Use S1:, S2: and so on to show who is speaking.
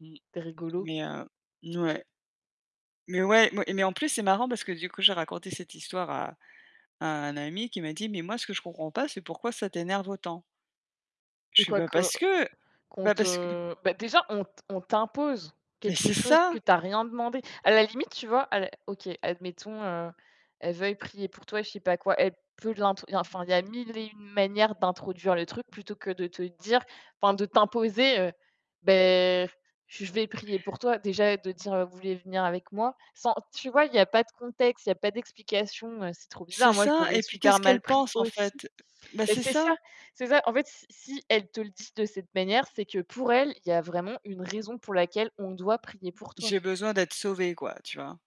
S1: Mmh.
S2: C'est rigolo.
S1: Mais heu mouais mais ouais m mais en plus, c'est marrant parce que du coup j'ai raconté cette histoire à à un ami qui m'a dit: «Mais moi ce que je comprends pas, c'est pourquoi ça t'énerve autant?» je fais: «Bah
S2: Quoique
S1: parce que!
S2: qu'on
S1: Bah
S2: te,
S1: parce que»
S2: heu déjà, on t on t'impose
S1: Mais
S2: quelque
S1: c'est
S2: chose
S1: ça!
S2: que tu as rien demandé. À la limite, tu vois à l OK admettons, heu, elle veuille prier pour toi, je sais pas quoi. Elle peut de l'int enfin, il y a 1 001 manières d'introduire le truc plutôt que de te dire enfin de t'imposer: «Beh je vais prier pour toi». Déjà de dire: «Vous voulez venir avec moi?» Sans tu vois, il n'y a pas de contexte, il n'y a pas d'explication, heu, c'est trop
S1: C'est
S2: bizarre. Moi, je
S1: ça
S2: l'aurais
S1: et puis
S2: super
S1: qu'est-ce qu'elle
S2: mal pris
S1: pense, en
S2: aussi.
S1: fait? Bah
S2: Mais
S1: c'est
S2: c'est
S1: ça.
S2: ça, c'est ça. En fait, si si elle te le dit de cette manière, c'est que pour elle, il y a vraiment une raison pour laquelle on doit prier pour toi.
S1: J'ai besoin d'être sauvée, quoi, tu vois?